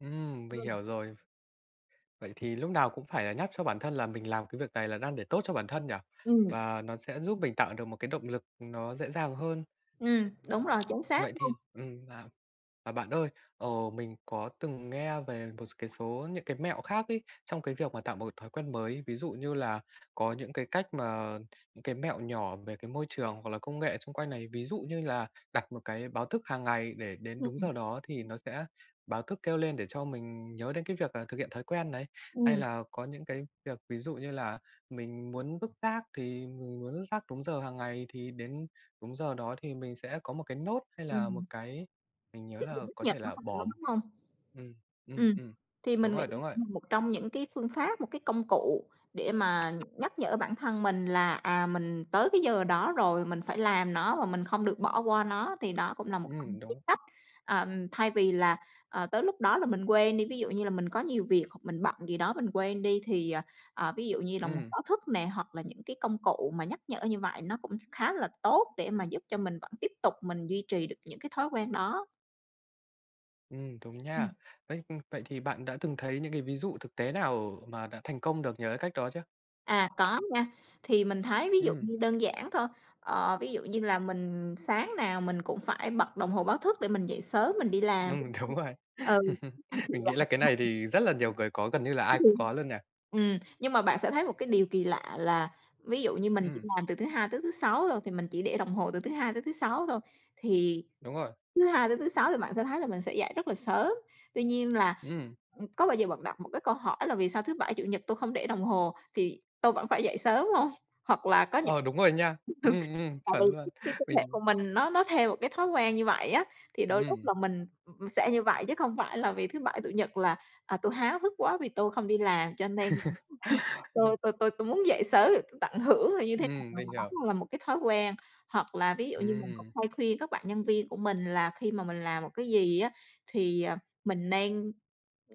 Ừm, mình Ừm. hiểu rồi. Vậy thì lúc nào cũng phải là nhắc cho bản thân là mình làm cái việc này là đang để tốt cho bản thân nhỉ? Ừm. Và nó sẽ giúp mình tạo được một cái động lực nó dễ dàng hơn. Ừm, đúng rồi! Chính xác Vậy luôn! thì ừm, à. À, bạn ơi. Ờ, mình có từng nghe về một s cái số những cái mẹo khác ấy, trong cái việc mà tạo một cái thói quen mới. Ví dụ như là có những cái cách mà những cái mẹo nhỏ về cái môi trường, hoặc là công nghệ chung quanh này. Ví dụ như là đặt một cái báo thức hàng ngày, để đến đúng giờ Ừm. đó thì nó sẽ báo thức kêu lên, để cho mình nhớ đến cái việc là thực hiện thói quen này. Hay Ừm. là có những cái việc, ví dụ như là mình muốn vứt rác, thì mình muốn vứt rác đúng giờ hàng ngày, thì đến đúng giờ đó thì mình sẽ có một cái note hay là Ừm. một cái mình nhớ Dụng từ là nước có thể Nhật, đúng là hông? Mình bỏ nói đúng hông? ừm, ừm, Ừm, ừm. thì Đúng mình nghĩ rồi, là đúng rồi. cũng là một trong những cái phương pháp, một cái công cụ để mà nhắc nhở bản thân mình là, à, mình tới cái giờ đó rồi, mình phải làm nó và mình không được bỏ qua nó. Thì đó cũng là một trong Ừm, những cái đúng. cách, ờm, thay vì là, ờ, tới lúc đó là mình quên đi, ví dụ như là mình có nhiều việc, hoặc mình bận gì đó mình quên đi, thì, ờ, ví dụ như là một Ừm. báo thức nè, hoặc là những cái công cụ mà nhắc nhở như vậy nó cũng khá là tốt, để mà giúp cho mình vẫn tiếp tục mình duy trì được những cái thói quen đó. Ừm, đúng nha. Ừm. Vậy ừm, vậy thì bạn đã từng thấy những cái ví dụ thực tế nào mà đã thành công được nhờ cái cách đó chưa? À, có nha. Thì mình thấy ví dụ Ừm. như đơn giản thôi, ờ, ví dụ như là mình sáng nào mình cũng phải bật đồng hồ báo thức để mình dậy sớm mình đi làm Ừm. Đúng rồi. Ừ. Mình nghĩ là cái này [unintelligible] thì rất là nhiều người có, gần như là ai Đúng cũng luôn. có luôn nhỉ? Ừm, nhưng mà bạn sẽ thấy một cái điều kỳ lạ là ví dụ như mình chỉ Ừm. làm từ thứ Hai tới thứ Sáu thôi, thì mình chỉ để đồng hồ từ thứ Hai tới thứ Sáu thôi, thì Đúng rồi. thứ Hai tới thứ Sáu thì bạn sẽ thấy là mình sẽ dậy rất là sớm. Tuy nhiên là, Ừm. ừm, có bao giờ bạn đặt một cái câu hỏi là "Vì sao thứ Bảy, Chủ nhật tôi không để đồng hồ, thì tôi vẫn phải dậy sớm hông?" Hoặc là có những Ờ, đúng rồi nha! Ừm, ừm, tại chuẩn vì luôn! cái cái cơ thể Mình của mình nó nó theo một cái thói quen như vậy á. Thì đôi lúc Ừm. là mình, ừm, sẽ như vậy, chứ không phải là vì thứ Bảy, Chủ nhật là, à, tôi háo hức quá, vì tôi không đi làm cho nên là tôi tôi tôi tôi muốn dậy sớm, rồi tôi tận hưởng là như thế nào, Ừm, mình và hiểu. đó là một cái thói quen. Hoặc là ví dụ như mình cũng Ừm. hay khuyên các bạn nhân viên của mình là khi mà mình làm một cái gì á, thì à, mình nên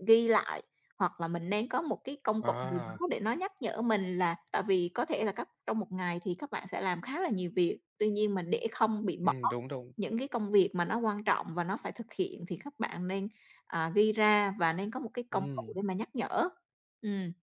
ghi lại hoặc là mình nên có một cái công cụ gì À. đó để nó nhắc nhở mình, là tại vì có thể là các trong một ngày thì các bạn sẽ làm khá là nhiều việc. Tuy nhiên mà để không bị bỏ Ừm, đúng, đúng. những cái công việc mà nó quan trọng và nó phải thực hiện, thì các bạn nên, à, ghi ra và nên có một cái công cụ Ừm. để mà nhắc nhở. Ừm.